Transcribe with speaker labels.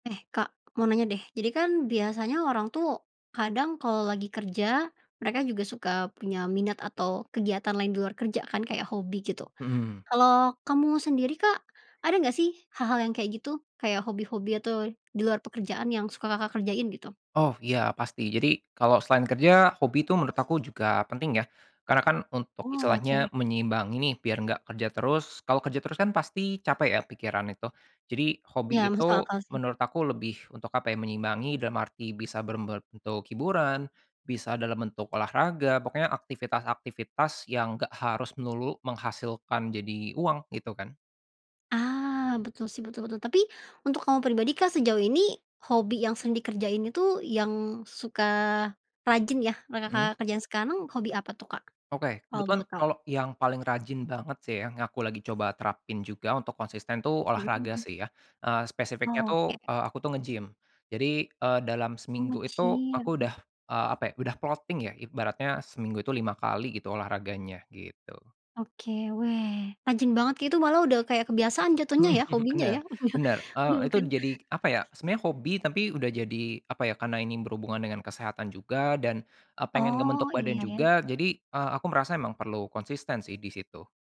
Speaker 1: Eh, Kak, mau nanya deh, jadi kan biasanya orang tuh, kadang kalau lagi kerja, mereka juga suka punya minat atau kegiatan lain di luar kerja kan, kayak hobi gitu.
Speaker 2: Mhm.
Speaker 1: Kalau kamu sendiri, Kak, ada nggak sih hal-hal yang kayak gitu? Kayak hobi-hobi atau di luar pekerjaan, yang suka, Kakak, kerjain, gitu?
Speaker 2: Oh ya pasti. Jadi, kalau selain kerja, hobi itu menurut aku juga penting, ya. Karena kan, untuk
Speaker 1: Oke.
Speaker 2: istilahnya menyeimbangi nih, biar nggak kerja terus. Kalau kerja terus kan, pasti capek ya pikiran itu. Jadi, hobi
Speaker 1: Iya masuk
Speaker 2: itu
Speaker 1: akal, sih.
Speaker 2: menurut aku lebih, untuk apa ya, menyimbangi, dalam arti bisa berbentuk hiburan, bisa dalam bentuk olahraga, pokoknya aktivitas-aktivitas, yang nggak harus melulu menghasilkan jadi uang, itu kan.
Speaker 1: Ah! Betul sih. Betul betul. Tapi, untuk kamu pribadi, Kak, sejauh ini hobi yang sering dikerjain itu, yang suka rajin ya, yang,
Speaker 2: Mhm.
Speaker 1: Kakak, kerjain sekarang, hobi apa tuh, Kak?
Speaker 2: Oke.
Speaker 1: Kalau
Speaker 2: Kebetulan,
Speaker 1: boleh tahu.
Speaker 2: kalo yang paling rajin banget sih, ya, yang aku lagi coba terapin juga untuk konsisten tuh,
Speaker 1: Mhm
Speaker 2: olahraga
Speaker 1: mhm.
Speaker 2: sih, ya. Eee, spesifiknya
Speaker 1: Oke.
Speaker 2: tuh, eee, aku tuh nge-gym. Jadi, eee, dalam
Speaker 1: Oh,
Speaker 2: seminggu itu, aku
Speaker 1: nge-gym.
Speaker 2: udah eee, apa ya, udah plotting ya. Ibaratnya seminggu itu 5 kali, gitu olahraganya, gitu.
Speaker 1: Oke, weh! Rajin banget keknya itu malah udah kayak kebiasaan jatuhnya
Speaker 2: Mhm
Speaker 1: ya,
Speaker 2: mhm,
Speaker 1: hobinya
Speaker 2: benar
Speaker 1: ya. Oh iya.
Speaker 2: benar.
Speaker 1: Iya
Speaker 2: Eee, itu
Speaker 1: bukan?
Speaker 2: jadi apa ya, sebenarnya hobi, tapi udah jadi apa ya, karena ini berhubungan dengan kesehatan juga, dan, eee, pengen
Speaker 1: Oh,
Speaker 2: ngebentuk badan
Speaker 1: Iya ya.
Speaker 2: juga, jadi, eee, aku merasa memang perlu konsisten sih, di situ.